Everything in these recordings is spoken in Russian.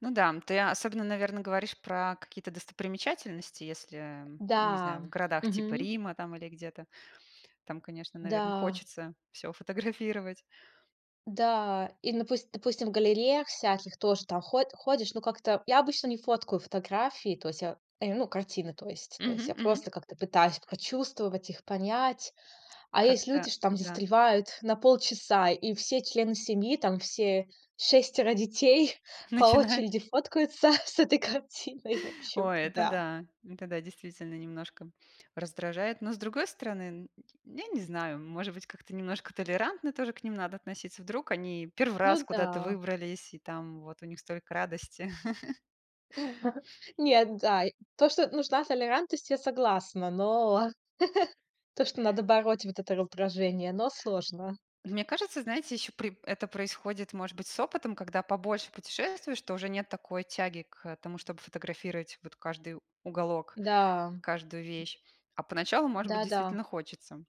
Ну да, м, ты особенно, наверно, говоришь про какие-то достопримечательности, если, не знаю, Да. в городах типа Мгм. Рима там или где-то- там, конечно, наверно, Да. хочется всё фотографировать. Да. И, напуст допустим, в галереях всяких тоже там ход ходишь. Ну, как-то я обычно не фоткаю фотографии. То есть я, э, ну, картины то есть. То есть Мгм я мгм. просто как-то пытаюсь прочувствовать их, понять. А есть Как-то люди, что э, там да. застревают на полчаса, и все члены семьи, там все 6 детей по Начинает очереди фоткаются с этой картиной. В общем, Ой, это да. да. Это да, действительно немножко раздражает. Но с другой стороны, н ть я не знаю, может быть, как-то немножко толерантно тоже к ним надо относиться. Вдруг они 1 раз Ну куда-то да. выбрались, и там вот у них столько радости. Нет. Да, то, что нужна толерантность, я согласна, но то, что надо бороть вот это раздражение, но сложно. От мне кажется, знаете, еще при это происходит, может быть, с опытом. Когда побольше путешествуешь, то уже нет такой тяги к тому, чтобы фотографировать вот каждый уголок, Да. каждую вещь. А поначалу, может быть, Да-да. действительно хочется.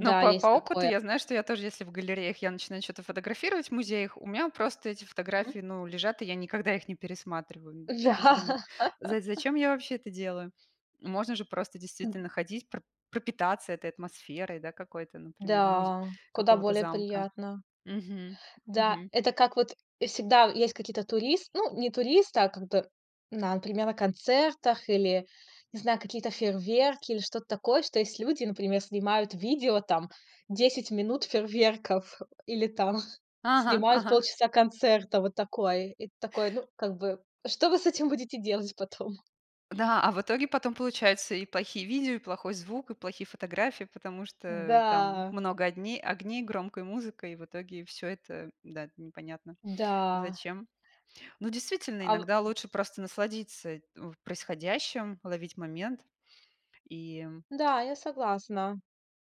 Но по по есть опыту такое. я знаю, что я тоже, если в галереях я начинаю чё-то фотографировать, в музеях, у меня просто эти Мгм. фотографии, ну, лежат, и я никогда их не пересматриваю. То есть Да. думаю: за зачем я вообще это делаю? Можно же просто Н. действительно ходить, пр пропитаться этой атмосферой, да, какой-то, например, музь Да. Куда какого-то более замка. приятно. Мгм, Да, мгм. это как вот и всегда в есть какие-то турис Ну, не туристы, а как бы, например, на концертах или, не знаю, какие-то фейерверки, или что-то такое. Что есть люди, например, снимают видео, там 10 минут фейерверков или там Ага, снимают ага. полчаса концерта, вот такой. И такой: "Ну, как бы, что вы с этим будете делать потом?" Да, а в итоге потом получаются и плохие видео, и плохой звук, и плохие фотографии, потому что там Да. много одне огней, громкая музыка, и в итоге всё это, да, непонятно Да. зачем. Ну, действительно, А в иногда лучше просто насладиться в происходящим, ловить момент, и, м Да, я согласна.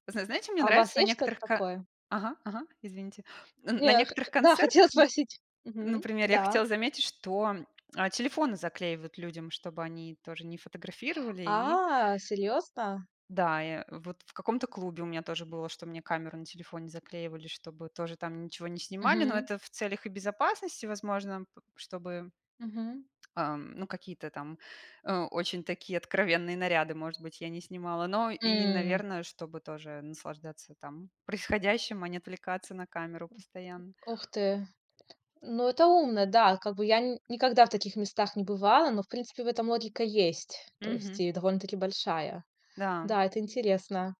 Зна знае чё мне А у нравится вас на есть что-то некоторых ко такое? Ага, ага. Извините. Н Не на я, х некоторых х Да, хотела концертах, н спросить. Мгм. например, я Да. хотела заметить, что, а, телефоны заклеивают людям, чтобы они тоже не фотографировали, и А, серьезно? Да, я вот в каком-то клубе у меня тоже было, что мне камеру на телефоне заклеивали, чтобы тоже там ничего не снимали, но Мгм. это в целях и безопасности, возможно, п чтобы Мгм. ам, ну какие-то там, э, очень такие откровенные наряды, может быть, я не снимала. Но и, М. наверно, чтобы тоже наслаждаться там происходящим, а не [unintelligible] отвлекаться на камеру постоянно. Ох ты! Ну это умно, да. Как бы я н никогда в таких местах не бывала, но, в принципе, в этом логика есть, то есть Мгм. и довольно-таки большая. Да. Да, это интересно.